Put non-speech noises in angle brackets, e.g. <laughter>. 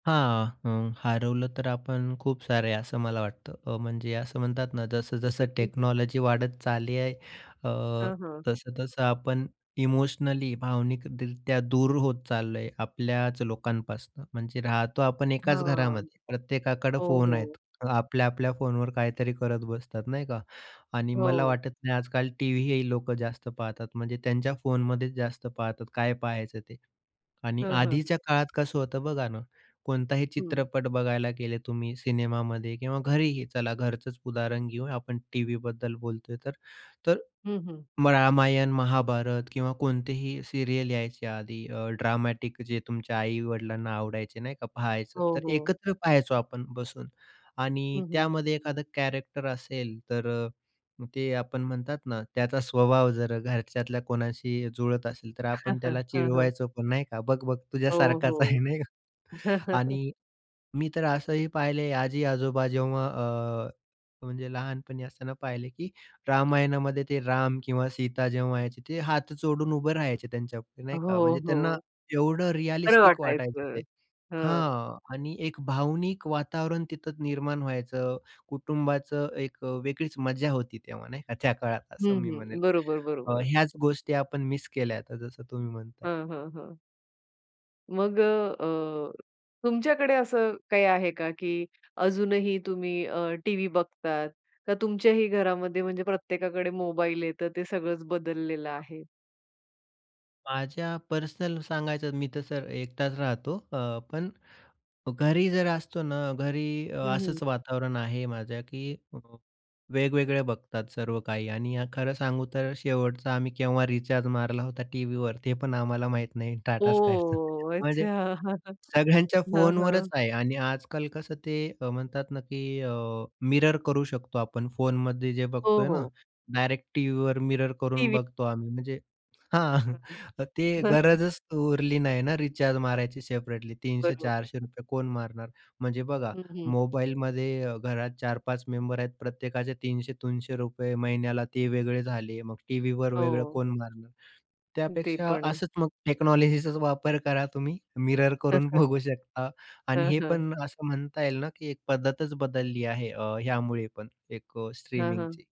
हां. हं. हरवलं तर आपण खूप सारे असं मला वाटतं. अ, म्हणजे असं म्हणतात ना, जसं जसं-जसं की? टेक्नॉलॉजी वाढत चालली आहे अ, हां, हां. तसं-तसं आपण इमोशनली, भावनिकरीत्या दूर होत चाललो आहे आपल्याच लोकांपासनं. म्हणजे राहतो आपण एकाच हां, घरामध्ये. प्रत्येकाकडं हो, फोन हो. आहेत. आपल्या आपल्या फोनवर काहीतरी करत बसतात नाही का. आणि मला हो. वाटत नाही आजकाल टीव्हीही लोकं जास्त पाहतात. म्हणजे त्यांच्या फोनमध्येच जास्त पाहतात काय पाहायचं ते. आणि हं, हं. आधीच्या काळात कसं होतं बघा ना, कोणताही हं. चित्रपट बघायला गेले तुम्ही सिनेमामध्ये किंवा घरीही चला घरचंच उदाहरण घेऊ, आपण टीव्हीबद्दल बोलतोय तर. तर हं, हं. रामायण, महाभारत किंवा कोणतेही सीरियल यायचे आधी अ, ड्रामॅटिक जे तुमच्या आई-वडिलांना आवडायचे नाही का पाहायचं. हो, तर हो. एकत्र पहायचो आपण बसून. आणि हं, हं. त्यामध्ये एखादा कॅरेक्टर असेल तर, ते आपण म्हणतात ना त्याचा स्वभाव जर घरच्यातल्या कोणाशी जुळत असेल तर, <chuckles> आपण हं, त्याला हं. चिडवायचो पण नाही का. बघ-बघ हो, तुझ्यासारखाच आहे हो. <chuckles> नाही का. <chuckles> आणि मी तर असंही पाहिले आजी-आजोबा जेव्हा अ, म्हणजे लहानपणी असताना पाहिले की रामायणामध्ये ते राम किंवा सीता जेव्हा यायचे ते हात जोडून उभं राहायचे त्यांच्यापुढे हो, नाही का. म्हणजे त्यांना हो. एवढं खरं रिअलिस्टिक वाटायचं वाटायचं. ते. हं. हां. आणि एक भावनिक वातावरण तिथं निर्माण व्हायचं. कुटुंबाचं एक अ, वेगळीच मजा होती तेव्हा नाही का. त्या काळात असं हं, मी म्हणेल. हं. बरोबर, बरोबर. ह्याच गोष्टी आपण मिस केल्या आता जसं तुम्ही म्हणताय. हं, हं, हं. मग अ, अ, तुमच्याकडे असं काही आहे का, की अजूनही तुम्ही अ, टीव्ही बघतात? का तुमच्याही घरामध्ये म्हणजे प्रत्येकाकडे मोबाईल आहे तर ते सगळंच बदललेलं आहे? माझ्या पर्सनल सांगायचं मी तसं एकटाच राहतो. अ, पण घरी जर असतो ना घरी अ, हं, हं. असंच वातावरण आहे माझ्या, की वेगवेगळे बघतात सर्व काही आणि खरं सांगू तर शेवटचा आम्ही केव्हा रिचार्ज मारला होता टीव्हीवर ते पण आम्हाला माहीत नाही टाटा स्कायचं. ओह! अच्छा. म्हणजे <chuckles> सगळ्यांच्या हां, फोनवरच हां. आहे. आणि आजकाल कसं ते म्हणतात ना की अ, मिरर करू शकतो आपण फोनमध्ये जे हो, बघतोय ना, हो. डायरेक्ट टीव्हीवर मिरर करून टीव्ही बघतो आम्ही. म्हणजे हां. <chuckles> ते <unintelligible> गरजच उरली नाही ना, रिचार्ज मारायची सेपरेटली. तीनशे बरोबर. चारशे रुपये कोण मारणार? म्हणजे बघा हं, हं. मोबाईलमध्ये अ, घरात 4-5 मेंबर आहेत. प्रत्येकाचे ₹300-300 महिन्याला ते वेगळे झाले. मग टीव्हीवर वेगळं हो. कोण मारणार? ते त्यापेक्षा पण आहे. असंच मग टेक्नॉलॉजीचाच वापर करा तुम्ही मिरर करून <chuckles> बघू <chuckles> शकता आणि हं, हे हं. पण असं म्हणता येईल ना, की एक पद्धतच बदलली आहे अ, ह्यामुळे पण एक हां, हां. स्ट्रीमिंगची.